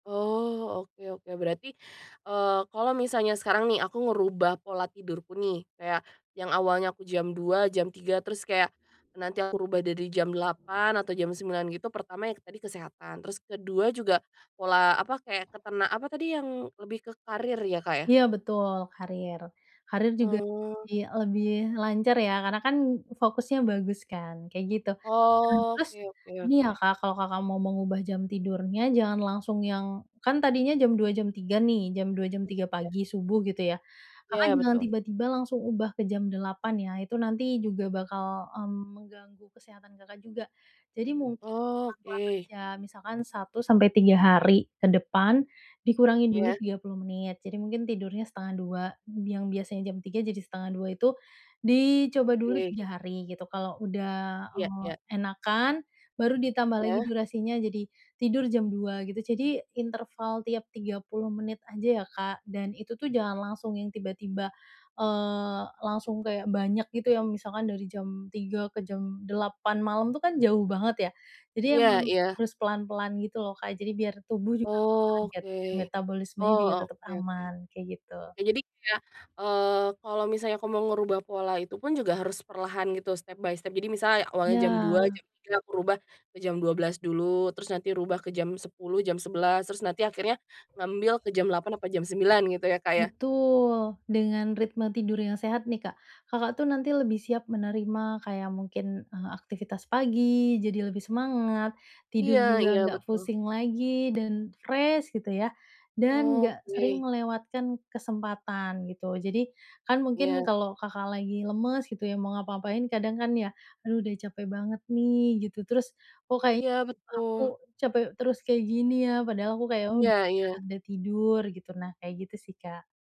Oh, oke oke, berarti, eee, kalau misalnya sekarang nih, aku ngerubah pola tidurku nih, kayak yang awalnya aku jam 02:00, jam 03:00, terus kayak nanti aku rubah dari jam 08:00 atau jam 09:00, gitu, pertama yang tadi kesehatan, terus ke-2 juga pola, apa, kayak ketena apa, tadi yang lebih ke karir, ya, Kak, ya? Iya, betul, karir. Karir juga Oh. lebih lebih lancar ya, karena kan fokusnya bagus kan, kayak gitu. Mmm, Oh, terus oke oke ini ya, oke. Kak, kalau Kakak mau mengubah jam tidurnya, jangan langsung yang kan tadinya jam 02:00, jam 03:00 nih, jam 02:00, jam 03:00 Ya. pagi subuh, gitu ya, Kakak Iya, jangan betul. tiba-tiba langsung ubah ke jam 08:00 ya, itu nanti juga bakal, mmm, mengganggu kesehatan Kakak juga. Jadi mungkin Oh, pelan-pelan oke. aja, misalkan 1-3 hari ke depan, dikurangi dulu Iya. 30 menit, jadi mungkin tidurnya 01:30, yang biasanya jam 03:00, jadi 01:30 itu dicoba dulu Oke. 3 hari gitu, kalau udah, Ya eee, ya. enakan, baru ditambah lagi Iya. durasinya jadi tidur jam 02:00 gitu. Jadi interval tiap 30 menit aja ya, Kak, dan itu tuh jangan langsung yang tiba-tiba, eee, langsung kayak banyak, gitu, yang misalkan dari jam 03:00 ke jam 08:00 malam, itu kan jauh banget ya, jadi Iya emang iya. harus pelan-pelan, gitu loh, Kak, jadi biar tubuh juga nggak Oh, kaget oke. dan metabolismenya Oh, juga tetep oke oke. aman, kayak gitu. Nah, jadi kayak, eee, kalau misalnya aku mau ngerubah pola itu pun juga harus perlahan, gitu, step by step, jadi misalnya awalnya Iya. jam 02:00, jam 03:00 aku rubah ke jam 12:00 dulu, terus nanti rubah ke jam 10:00, jam 11:00 terus nanti akhirnya ngambil ke jam 08:00 atau jam 09:00 gitu ya, Kak, ya? Betul. Dengan ritme tidur yang sehat nih, Kak, Kakak tuh nanti lebih siap menerima kayak mungkin, eee, aktivitas pagi jadi lebih semangat, tidur Iya juga iya, nggak betul. pusing lagi dan fresh, gitu ya, dan nggak sering Oke. melewatkan kesempatan, gitu. Jadi, kan mungkin Iya. kalau Kakak lagi lemes, gitu ya, mau ngapa-ngapain kadang kan ya, "Aduh, udah capek banget nih," gitu. Terus, "Kok, kayaknya Iya, aku betul. capek terus kayak gini ya, padahal aku kayak oh udah Iya istirahat iya. udah ada tidur," gitu. Nah, kayak gitu sih, Kak.